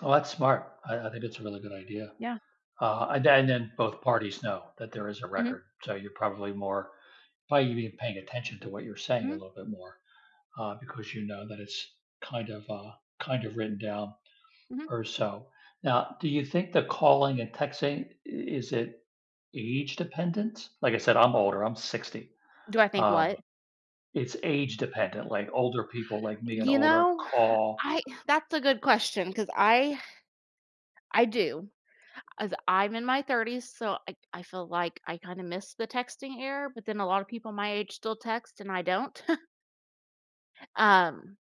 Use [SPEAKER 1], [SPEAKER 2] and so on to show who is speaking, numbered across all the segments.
[SPEAKER 1] Oh, that's smart. I I think it's a really good idea.
[SPEAKER 2] Yeah.
[SPEAKER 1] Uh, a th then both parties know that there is a
[SPEAKER 2] Mhm.
[SPEAKER 1] record so, you're probably more probably even paying attention to what you're saying a
[SPEAKER 2] Mhm.
[SPEAKER 1] little bit more, uh, because you know that it's, kind of, uh kind of, written down
[SPEAKER 2] Mhm.
[SPEAKER 1] or so. Now, do you think the calling and texting i is it age dependent? Like I said, I'm older, I'm 60,
[SPEAKER 2] Do I think
[SPEAKER 1] um,
[SPEAKER 2] what?
[SPEAKER 1] it's age dependent, like older people like me and
[SPEAKER 2] You
[SPEAKER 1] older
[SPEAKER 2] know,
[SPEAKER 1] call.
[SPEAKER 2] I that's a good question 'cause I I do. As I'm in my 30s, so, I I feel like I kinda miss the texting era, but then a lotta people my age still text, and I don't. Um,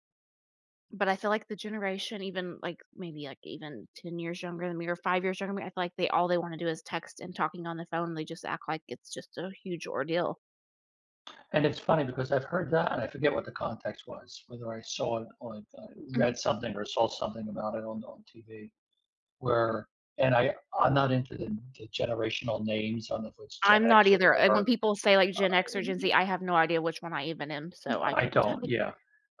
[SPEAKER 2] but I feel like the generation even, like, maybe, like even 10 years younger than me or 5 years younger, I feel like they all they wanna do is text and talking on the phone they just act like it's just a huge ordeal.
[SPEAKER 1] And, it's funny because I've heard that, and I forget what the context was, whether I saw it on or read
[SPEAKER 2] Mhm.
[SPEAKER 1] something or saw something about it on on TV, where and, I I'm not into th the generational names, I don't know if it's Gen
[SPEAKER 2] I'm not
[SPEAKER 1] X or
[SPEAKER 2] either. Uh, when
[SPEAKER 1] whatever.
[SPEAKER 2] people say, like, Gen X or Gen
[SPEAKER 1] Uh
[SPEAKER 2] Z, I have no idea which one I even am, so I
[SPEAKER 1] I
[SPEAKER 2] couldn't tell
[SPEAKER 1] don't,
[SPEAKER 2] you.
[SPEAKER 1] yeah.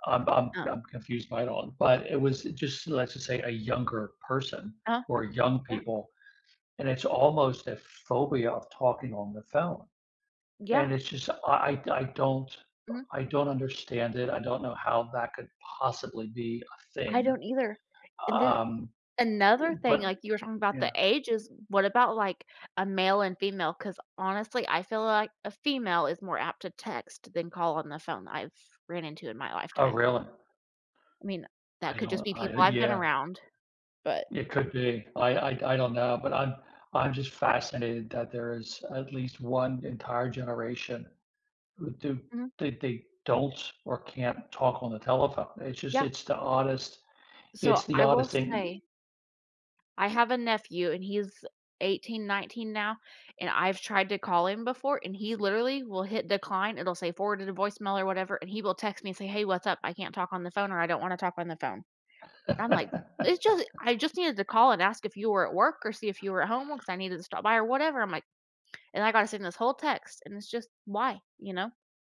[SPEAKER 1] I'm I'm
[SPEAKER 2] Um
[SPEAKER 1] I'm confused by it all but, it was just let's just say, a younger person,
[SPEAKER 2] Uh-huh,
[SPEAKER 1] or young
[SPEAKER 2] yeah.
[SPEAKER 1] people, and it's almost a phobia of talking on the phone.
[SPEAKER 2] Yeah.
[SPEAKER 1] And, it's just, I I I don't
[SPEAKER 2] Mhm.
[SPEAKER 1] I I don't understand it. I don't know how that could possibly be a
[SPEAKER 2] I
[SPEAKER 1] thing.
[SPEAKER 2] don't either. And then
[SPEAKER 1] Um, eh,
[SPEAKER 2] another thing,
[SPEAKER 1] but
[SPEAKER 2] like, you were talking about the
[SPEAKER 1] yeah.
[SPEAKER 2] ages, what about, like, a male and female, 'cause, honestly, I feel like a female is more apt to text than call on the phone, I've ran into in my
[SPEAKER 1] Oh,
[SPEAKER 2] lifetime.
[SPEAKER 1] really?
[SPEAKER 2] I mean, that
[SPEAKER 1] I
[SPEAKER 2] could just
[SPEAKER 1] don't,
[SPEAKER 2] be
[SPEAKER 1] I
[SPEAKER 2] people I've been
[SPEAKER 1] yeah.
[SPEAKER 2] around. But
[SPEAKER 1] It could be. I I d I don't know, but I'm I'm just fascinated that there is at least one entire generation, uh, th that
[SPEAKER 2] Mhm.
[SPEAKER 1] that they don't, or can't, talk on the telephone. It's just
[SPEAKER 2] Yeah.
[SPEAKER 1] it's the oddest
[SPEAKER 2] So,
[SPEAKER 1] it's the
[SPEAKER 2] I will
[SPEAKER 1] oddest thing.
[SPEAKER 2] say I have a nephew, and he's 18, 19 now and I've tried to call him before, and he literally will hit decline. It'll say, "Forwarded to the voice mail," or whatever, and he will text me and say, "Hey. What's up? I can't talk on the phone," or, "I don't wanna talk on the phone." And I'm like, "It's just I just needed to call and ask if you were at work or see if you were at home 'cause I needed to stop by or whatever." I'm like and I gotta send this whole text, and it's just, "Why?" You know?